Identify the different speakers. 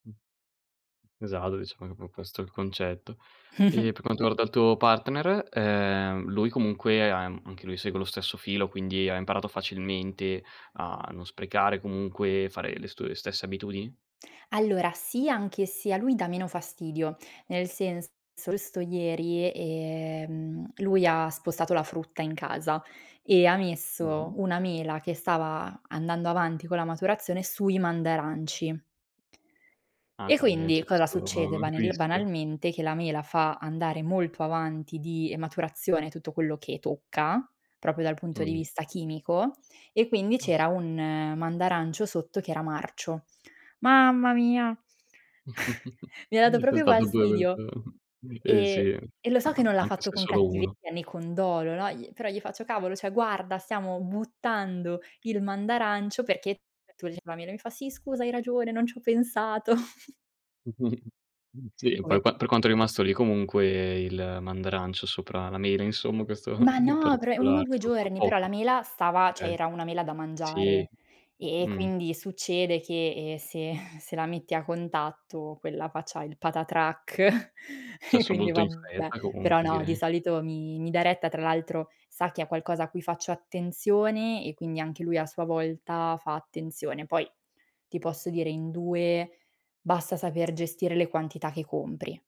Speaker 1: Mh. Esatto, diciamo [unintelligible] questo è il concetto. E
Speaker 2: Mh-mh.
Speaker 1: per quanto riguarda il tuo partner, ehm, lui comunque am anche lui segue lo stesso filo, quindi ha imparato facilmente a non sprecare comunque, fare le stu le stesse abitudini?
Speaker 2: Allora, sì, anche se a lui dà meno fastidio. Nel senso, solsto ieri, ehm, lui ha spostato la frutta in casa e ha
Speaker 1: Mh-mh.
Speaker 2: messo una mela che stava andando avanti con la maturazione sui mandaranci.
Speaker 1: Ah,
Speaker 2: E
Speaker 1: quindi, ehm,
Speaker 2: quindi
Speaker 1: c'è
Speaker 2: cosa
Speaker 1: sto,
Speaker 2: succede?
Speaker 1: mhmm,
Speaker 2: Banel
Speaker 1: rischio.
Speaker 2: banalmente, che la mela fa andare molto avanti di maturazione tutto quello che tocca proprio dal punto di
Speaker 1: Mh.
Speaker 2: vista chimico, e quindi c'era
Speaker 1: Casp
Speaker 2: un mandarancio sotto che era marcio. Mamma mia! Mi ha dato
Speaker 1: Quindi è
Speaker 2: proprio
Speaker 1: stato tutto
Speaker 2: fastidio.
Speaker 1: [unintelligible] Eh, sì,
Speaker 2: E e lo so che
Speaker 1: a
Speaker 2: non l'ha
Speaker 1: anche
Speaker 2: fatto
Speaker 1: se è
Speaker 2: con
Speaker 1: solo uno.
Speaker 2: cattiveria né con dolo, no, gli però gli faccio: "Cavolo, cioè guarda! Stiamo buttando il mandarancio perché tu gli" ma lui mi fa: "Sì, scusa hai ragione, non ci ho pensato."
Speaker 1: Mh, sì, e poi qua per
Speaker 2: Poverino.
Speaker 1: quanto è rimasto lì comunque il mandarancio sopra la mela? Insomma, questo
Speaker 2: Ma
Speaker 1: in
Speaker 2: no, bre 1 o
Speaker 1: particolare.
Speaker 2: 2
Speaker 1: Troppo
Speaker 2: giorni, però
Speaker 1: poco?
Speaker 2: la mela stava cioè
Speaker 1: Okay.
Speaker 2: era una mela da mangiare
Speaker 1: Sì,
Speaker 2: e e
Speaker 1: Mh.
Speaker 2: quindi succede che, ehm, se se la metti a contatto quella faccia il patatrac e
Speaker 1: Successo
Speaker 2: quindi
Speaker 1: molto in
Speaker 2: vabbè.
Speaker 1: fretta
Speaker 2: Però
Speaker 1: comunque,
Speaker 2: no, di
Speaker 1: direi.
Speaker 2: solito mi mi dà retta. Tra l'altro sa che è qualcosa a cui faccio attenzione e quindi anche lui a sua volta fa attenzione. Poi ti posso dire in 2 basta saper gestire le quantità che compri.